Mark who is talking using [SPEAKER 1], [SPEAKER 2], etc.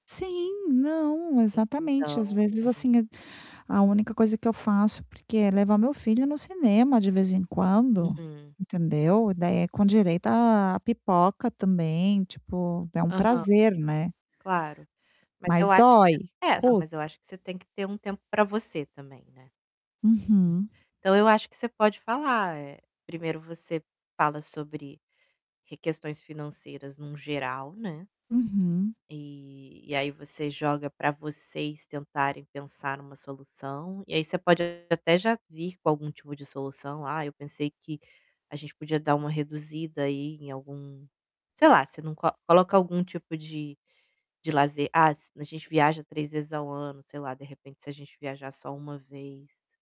[SPEAKER 1] Sim, não, exatamente. Às
[SPEAKER 2] Então
[SPEAKER 1] vezes,
[SPEAKER 2] uhum.
[SPEAKER 1] assim, eh a única coisa que eu faço porque é levar o meu filho no cinema de vez em quando,
[SPEAKER 2] Uhum.
[SPEAKER 1] entendeu? Daí é com direito a a pipoca também, tipo, é um
[SPEAKER 2] Aham,
[SPEAKER 1] prazer, né?
[SPEAKER 2] claro. Mas eu
[SPEAKER 1] Mas,
[SPEAKER 2] acho que você
[SPEAKER 1] dói.
[SPEAKER 2] é, não, mas eu
[SPEAKER 1] Custa.
[SPEAKER 2] acho que você tem que ter um tempo pra você, também, né.
[SPEAKER 1] Uhum.
[SPEAKER 2] Então, eu acho que você pode falar, eh, primeiro você fala sobre re questões financeiras num geral, né
[SPEAKER 1] Uhum.
[SPEAKER 2] e e aí você joga pra vocês tentarem pensar numa solução. E aí você pode até já vir com algum tipo de solução: "Ah, eu pensei que a gente podia dar uma reduzida aí em algum" sei lá, você não co coloca algum tipo de de lazer: "Ah, se a gente viaja 3 vezes ao ano sei lá, de repente, se a gente viajar só 1 vez".